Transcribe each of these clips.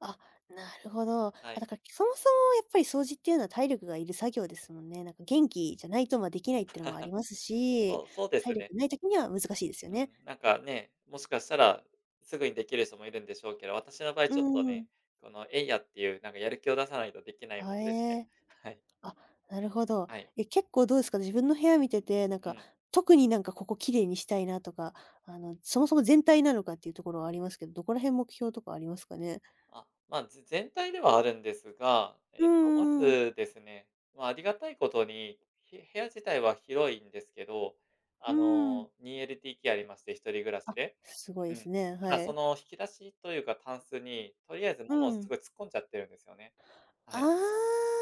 あ、なるほど、あ、はい。だか、いそもそも、やっぱり掃除っていうのは、体力がいる作業ですもんね、何か、元気じゃないと、まあ、出来ないっていうのもあ りますそし、うそうで体すね。力無い時には、難しいですようん、ね。何かね、もしかしたら、直ぐに出来る人も居るんでしょうけど、私の場合、うーちょっとね、ん。この、えいやっていう、何か、やる気を出さないと出来ないもあ、えのでしね、え、はい。あ、なるほど、はい。え、結構どうすか？自分の部屋見てて、何うか、ん。特に、何か、ここ綺麗にしたいなとか、あの、そもそも全体なのかっていう所はありますけど、どこら辺、目標とかありますかね？あ、まず、全体ではあるんですが、えうっと、まーん。ずですね、まあ、ありがたい事に、へ部屋自体は、広いんですけど、うあーん。の、2LDKありまして、一人暮らしあ、で凄ういすん、ね、ただ、はそい。の引き出しというか、タンスに、とりあえずう物を、凄ん。い突っ込んじゃってるんですよね、はあい、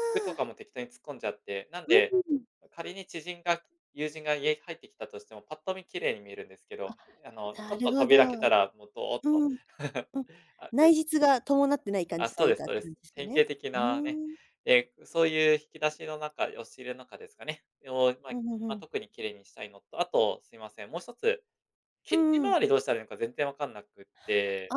服とかも、適当に突っ込んじゃって、なんうで、ーん。仮に知人が、友人が家入って来たとしても、ぱっと見、綺麗に見えるんですけあ、ど、うあの、ちょなっると、ほ扉開ど、けうたら、もう、どーっと。ん、うん、あ、内よ実が伴ってない感あ、じとそう言うですかっそうでて感す、じす典型ね、的ふなね、ーん。え、うそういう引き出しの中、押し入れ中ですかね、を、まふあ、んふんふま、ん。特に綺麗にしたいのと、あと、すいません、もう一つ、うキッチンんうん。周りどうしたら良いのか、全然分かんなくあて。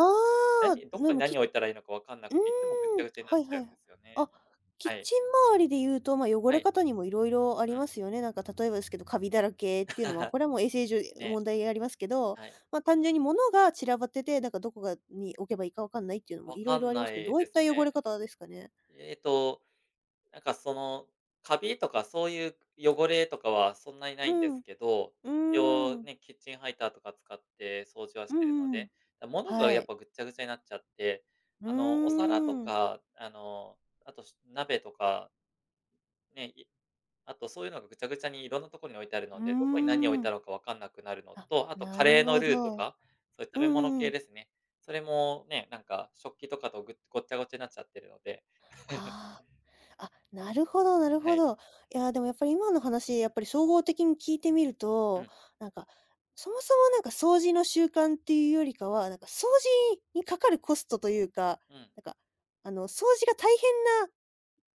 あ、何、どでこに、も、何きを、置いたら良いのか分かんなうーくて、いつも、ぐっちゃん、ぐちゃになはっいちはゃうんでい、すよね、あ、キッはい。チン周りでいうと、まあ、汚はれい。方にも色々ありうん。ますよね。何か、例えばですけど、カビだらけっていうのは、こ れは、もう衛生上、やね、問題ありますけど、はい。まあ、単純に物が散らばってて、何か、どこがに置けば良いか分かんないっていうのも分色か々んありまなすけど、どいういでっすた汚ね。れ方ですかね？えっと、何か、その、カビとか、そういう汚れとかは、そんなに無ういんでん、すうけど、ちおーうん。ね、キッチンハイターとか使って、掃除はうしんてるのうんうん、で、だ、物がはやっい。ぱ、ぐっちゃぐちゃになっちゃって、うあの、お皿とーん。か、あの、あと、し鍋とかね、いあと、そういうのが、ぐちゃぐちゃに、色んな所に置いてあるうーので、どこに、何を置いん。たのか、分かんなくなるのあ、と、あと、なカレるーのほルーとど、か、そういうう食んうべ物んう系ん。ですね。それも、ね、何か、食器とかと、ぐごっちゃごちゃなっちゃってるので。ああ、あ、なるほどなるはほい。ど、いや、でも、やっぱり、今の話、やっぱり、総合的に聞いて見るうと、ん。何か、そもそも、何か、掃除の習慣っていうよりかは、何か、掃除に掛かるコストというか、うん。何か、あの、掃除が大変な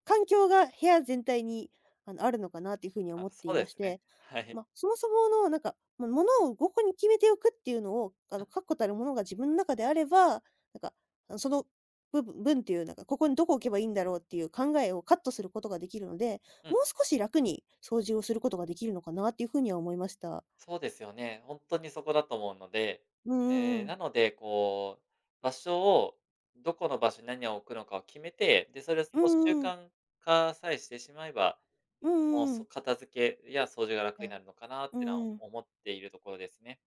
環境が部屋全体に、あの、あるのかなっていうふうにあ、思っそていうでましすね、て、はい。ま、そもそもの、何か、も物をごこに決めておくっていうのを、あの、あ。確固たるものが、自分中であれば、何か、うその、ぶぶ分っていう、何か、ここにどこ置けば良いんだろうっていう考えをカットする事が出来るので、うん。もう少し楽に、掃除をする事が出来るのかなっていうふうには思いました。そうですよね、ほんとにそこだと思うので、うんうんうえ、ん。なので、こう場所を、どこの場所に、何を置くのかを決めて、で、それをそうんう習うんうん。慣化さえしてしまえば、うんうもう、んうそん。片付けや、掃除が楽にや、なるのかなっうてのはんうん。思っているところですね。